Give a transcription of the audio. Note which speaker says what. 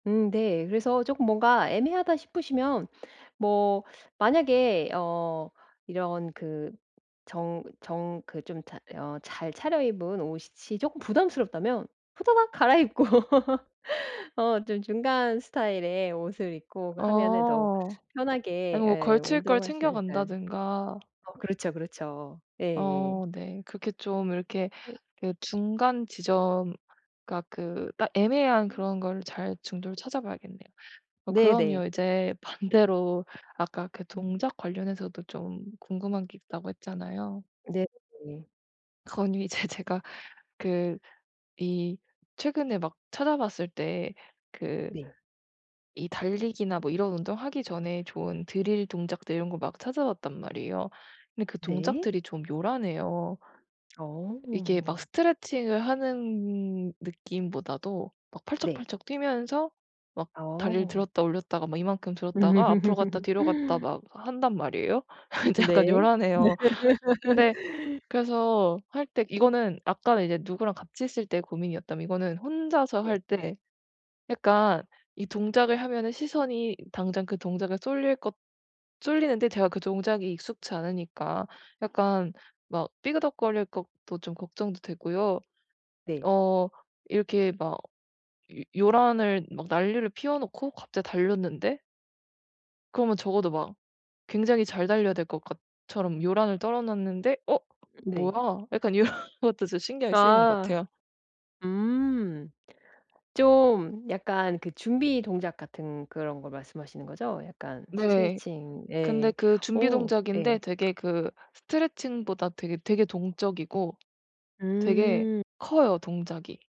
Speaker 1: 음 네. 그래서 쪼끔 뭔가 애매하다 싶으시면 뭐 만약에 어 이런 그 정 정 그 좀 잘 어 잘 차려입은 옷이 이 쪼끔 부담스럽다면 후다닥 갈아입고 어 좀 중간 스타일의 옷을 입고 하면은 더
Speaker 2: 어.
Speaker 1: 편하게
Speaker 2: 아니면 뭐
Speaker 1: 예
Speaker 2: 걸칠 걸
Speaker 1: 운동하시지
Speaker 2: 챙겨
Speaker 1: 않을까요.
Speaker 2: 간다든가
Speaker 1: 어 그렇죠 그렇죠. 예예.
Speaker 2: 어 네. 그렇게 좀 이렇게
Speaker 1: 예.
Speaker 2: 그 중간 지점 그니까 그 딱 애매한
Speaker 1: [unintelligible]
Speaker 2: 그런 걸 잘 중도를 찾아봐야겠네요. 어
Speaker 1: 네네.
Speaker 2: 그러면 이제 반대로 아까 그
Speaker 1: [unintelligible]
Speaker 2: 동작 관련해서도 좀 궁금한 게 있다고 했잖아요.
Speaker 1: 네네.
Speaker 2: 그건 이제 제가 그 이 최근에 막 찾아봤을 때 그
Speaker 1: 네.
Speaker 2: 이 달리기나 뭐 이런 운동하기 전에 좋은 drill 동작들 이런 거 막 찾아봤단 말이에요. 근데 그
Speaker 1: 네.
Speaker 2: 동작들이 좀 요란해요. 이게 막
Speaker 1: 어.
Speaker 2: 스트레칭을 하는 느낌보다도 막
Speaker 1: 네.
Speaker 2: 팔짝팔짝 뛰면서 막 다리를
Speaker 1: 어.
Speaker 2: 들었다 올렸다가 막 이만큼 들었다가 앞으로 갔다 뒤로 갔다
Speaker 1: 음.
Speaker 2: 막 한단 말이에요. 인제
Speaker 1: 네.
Speaker 2: 약간 요란해요. 근데 그래서 할 때 이거는 아까는 이제 누구랑 같이 있을 때 고민이었다면 이거는 혼자서
Speaker 1: 네.
Speaker 2: 할 때 약간 이 동작을 하면은 시선이 당장 그 동작에 쏠릴 것 쏠리는데 제가 그 동작이 익숙지 않으니까 약간 막 삐그덕거릴 것도 좀 걱정도 되고요.
Speaker 1: 네.
Speaker 2: 어 이렇게 막 요 요란을 막 난리를 피워 놓고 갑자기 달렸는데 그러면 적어도 막 굉장히 잘 달려야 될 것 같 처럼 요란을 떨어 놨는데 '어
Speaker 1: 네.
Speaker 2: 뭐야?' 약간 이런 것도 좀 신경이 쓰이는 것
Speaker 1: 아.
Speaker 2: 같아요.
Speaker 1: 음. 좀 약간 그 준비 동작 같은 그런 거 말씀하시는 거죠? 약간
Speaker 2: 네.
Speaker 1: 스트레칭
Speaker 2: 근데
Speaker 1: 예.
Speaker 2: 그 준비
Speaker 1: 오.
Speaker 2: 동작인데
Speaker 1: 예.
Speaker 2: 되게 그 스트레칭보다 되게 되게 동적이고 되게
Speaker 1: 음.
Speaker 2: 커요 동작이.